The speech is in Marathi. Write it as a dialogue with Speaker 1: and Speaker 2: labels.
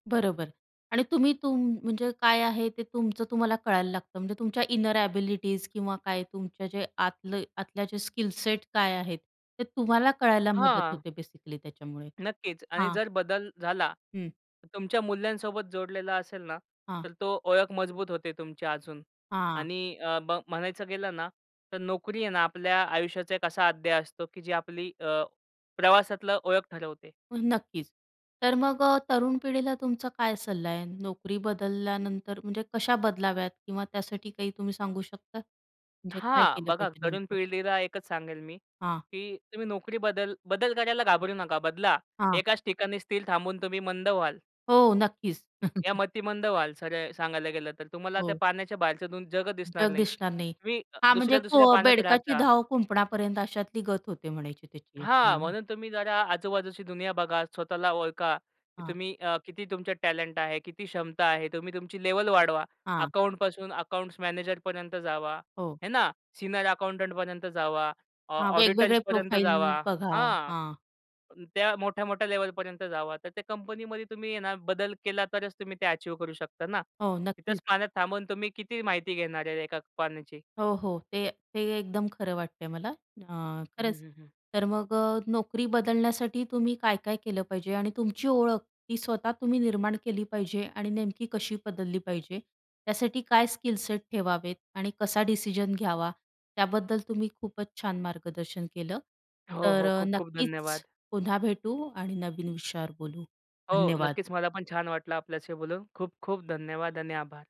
Speaker 1: बरोबर आणि तुम्ही तुम म्हणजे काय आहे ते तुमचं तुम्हाला कळायला लागतं. म्हणजे तुमच्या इनर एबिलिटीज किंवा काय, तुमच्या जे आतलं आतल्या जे स्किल सेट काय आहेत, ते तुम्हाला कळायला मदत
Speaker 2: हां.
Speaker 1: होते बेसिकली त्याच्यामुळे,
Speaker 2: नक्कीच आणि
Speaker 1: हां.
Speaker 2: जर बदल झाला.
Speaker 1: हं.
Speaker 2: तुमच्या मूल्यांसोबत जोडलेला असेल ना,
Speaker 1: हां.
Speaker 2: तर तो ओळख मजबूत होते तुमची अजून
Speaker 1: हां.
Speaker 2: आणि अ, ब म्हणायचं गेलं ना, तर नोकरी आहे ना आपल्या आयुष्याचा एक असा अध्याय असतो, की जी आपली अ, प्रवासातलं ओळख ठरवते.
Speaker 1: हो, नक्कीच. तर मग अ, तरुण पिढीला तुमचा काय सल्ला आहे नोकरी बदलल्यानंतर, म्हणजे कशा बदलाव्यात किंवा त्यासाठी काही तुम्ही सांगू शकता? म्हणजे काय
Speaker 2: हां,
Speaker 1: केलं
Speaker 2: बघा,
Speaker 1: पाहिजे
Speaker 2: तरुण
Speaker 1: नेमकं?
Speaker 2: पिढीला एकच सांगेल मी,
Speaker 1: हां.
Speaker 2: की तुम्ही नोकरी बदल बदल करायला घाबरू नका, बदला.
Speaker 1: हां.
Speaker 2: एकाच ठिकाणी स्थिर थांबून तुम्ही मंद व्हाल.
Speaker 1: हो, नक्कीच.
Speaker 2: या मतिमंद व्हाल, सरळ सांगायला गेलं, तर तुम्हाला त्या
Speaker 1: हो.
Speaker 2: पाण्याच्या बाहेरचं दुन जग दिसणार
Speaker 1: जग
Speaker 2: नाही.
Speaker 1: दिसणार नाही.
Speaker 2: तुम्ही अ,
Speaker 1: हां, म्हणजे
Speaker 2: दुसऱ्या-दुसऱ्या
Speaker 1: कुं
Speaker 2: पाण्यात राहत
Speaker 1: बेडकाची
Speaker 2: राहा.
Speaker 1: धाव कुंपणापर्यंत अशातली गत होते म्हणायची त्याची.
Speaker 2: हां,
Speaker 1: हां. हां.
Speaker 2: म्हणून तुम्ही जरा आजूबाजूची दुनिया बघा, स्वतःला ओळखा, की
Speaker 1: हां.
Speaker 2: तुम्ही अ, किती तुमच्या टॅलेंट आहे, किती क्षमता आहे तुम्ही तुमची लेव्हल वाढवा.
Speaker 1: हां.
Speaker 2: अकाउंट पासून अकाउंट्स मॅनेजर पर्यंत जावा.
Speaker 1: हो.
Speaker 2: हे ना? सीनियर अकाउंटंट पर्यंत जावा. ऑ
Speaker 1: हां,
Speaker 2: ऑडिटर्स
Speaker 1: वेगवेगळे
Speaker 2: पर्यंत
Speaker 1: प्रोफाईल
Speaker 2: जावा.
Speaker 1: बघा.
Speaker 2: हा,
Speaker 1: हां.
Speaker 2: त्या मोठ्या-मोठ्या लेव्हल पर्यंत जावा. तर त्या कंपनीमध्ये तुम्ही हे ना, बदल केला तरच तुम्ही ते अचीव्ह करू शकता ना.
Speaker 1: हो, नक्कीच.
Speaker 2: इथेच पाण्यात थांबून तुम्ही किती माहिती घेणार आहे एका पाण्याची?
Speaker 1: हो, हो, ते ते एकदम खरं वाटतंय मला अ,
Speaker 2: हं,
Speaker 1: खरंच,
Speaker 2: हं, हं.
Speaker 1: तर मग अ, नोकरी बदलण्यासाठी तुम्ही काय-काय केलं पाहिजे? आणि तुमची ओळख ती स्वतः तुम्ही निर्माण केली पाहिजे आणि नेमकी कशी बदलली पाहिजे? त्यासाठी काय स्किल सेट ठेवावेत आणि कसा डिसिजन घ्यावा? त्याबद्दल तुम्ही खूपच छान मार्गदर्शन केलं.
Speaker 2: हो,
Speaker 1: तर
Speaker 2: हो.
Speaker 1: अ,
Speaker 2: खूप-खूप
Speaker 1: नक्कीच
Speaker 2: धन्यवाद.
Speaker 1: पुन्हा भेटू आणि नवीन विषयावर बोलू
Speaker 2: हो.
Speaker 1: धन्यवाद.
Speaker 2: नक्कीच मला पण छान वाटलं आपल्याशी बोलून खूप-खूप धन्यवाद आणि आभार.